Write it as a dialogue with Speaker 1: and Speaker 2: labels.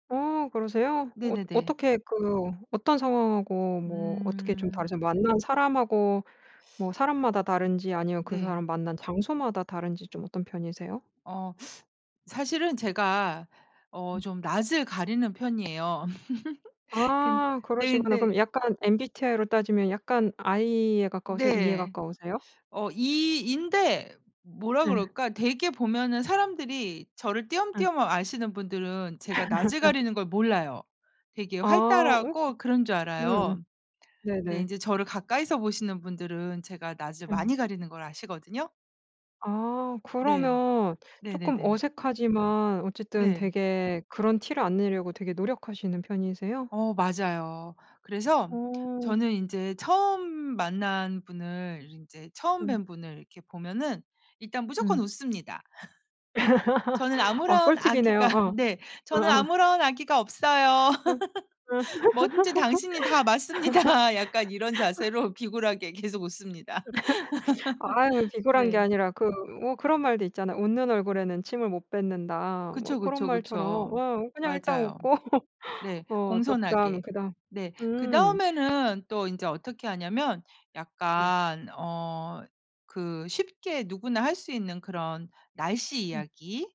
Speaker 1: 어. 그러세요? 어
Speaker 2: 네네네.
Speaker 1: 어떻게 그 어떤 상황하고 뭐 어떻게 좀
Speaker 2: 음.
Speaker 1: 다르세요? 만난 사람하고 뭐 사람마다 다른지 아니면 그
Speaker 2: 네.
Speaker 1: 사람 만난 장소마다 다른지 좀 어떤 편이세요?
Speaker 2: 어. 사실은 제가 어 좀 낯을 가리는 편이에요. 근
Speaker 1: 아.
Speaker 2: 네
Speaker 1: 그러시구나. 그럼
Speaker 2: 근데
Speaker 1: 약간 MBTI로 따지면 약간 I에 가까우세요, E에
Speaker 2: 네.
Speaker 1: 가까우세요?
Speaker 2: 어 E, E 인데 뭐라
Speaker 1: 예.
Speaker 2: 그럴까 대개 보면은 사람들이 저를
Speaker 1: 예.
Speaker 2: 띄엄띄엄 아시는 분들은 제가 낯을 가리는 걸 몰라요. 되게
Speaker 1: 아 어.
Speaker 2: 활달하고 그런 줄
Speaker 1: 음음.
Speaker 2: 알아요. 근데
Speaker 1: 네네.
Speaker 2: 인제 저를 가까이서 보시는 분들은 제가 낯을
Speaker 1: 음.
Speaker 2: 많이 가리는 걸 아시거든요.
Speaker 1: 아.
Speaker 2: 네.
Speaker 1: 그러면 쪼끔
Speaker 2: 네네네.
Speaker 1: 어색하지만 어쨌든
Speaker 2: 네.
Speaker 1: 되게 그런 티를 안 내려고 되게 노력하시는 편이세요?
Speaker 2: 어. 맞아요. 그래서
Speaker 1: 어.
Speaker 2: 저는 인제 처음 만난 분을 인제 처음
Speaker 1: 음.
Speaker 2: 뵌 분을 이렇게 보면은 일단 무조건
Speaker 1: 음.
Speaker 2: 웃습니다. 저는
Speaker 1: 아.
Speaker 2: 아무런
Speaker 1: 꿀팁이네요.
Speaker 2: 악의가
Speaker 1: 어.
Speaker 2: 네. '저는
Speaker 1: 어어.
Speaker 2: 아무런 악의가 없어요.
Speaker 1: 음. 음.
Speaker 2: 뭐든지 당신이 다 맞습니다.' 약간 이런 자세로 비굴하게 계속 웃습니다.
Speaker 1: 아유 비굴한 게
Speaker 2: 네.
Speaker 1: 아니라 그 뭐 그런 말도 있잖아요. '웃는 얼굴에는 침을 못 뱉는다.' 뭐
Speaker 2: 그쵸,
Speaker 1: 그런
Speaker 2: 그쵸,
Speaker 1: 말처럼
Speaker 2: 그쵸.
Speaker 1: 어 그냥 일단
Speaker 2: 맞아요.
Speaker 1: 웃고
Speaker 2: 네.
Speaker 1: 어. 또 그다음,
Speaker 2: 공손하게.
Speaker 1: 그다음.
Speaker 2: 네.
Speaker 1: 음.
Speaker 2: 그다음에는 또 인제 어떻게 하냐면
Speaker 1: 네.
Speaker 2: 약간 어 그 쉽게 누구나 할 수 있는 그런 날씨
Speaker 1: 음.
Speaker 2: 이야기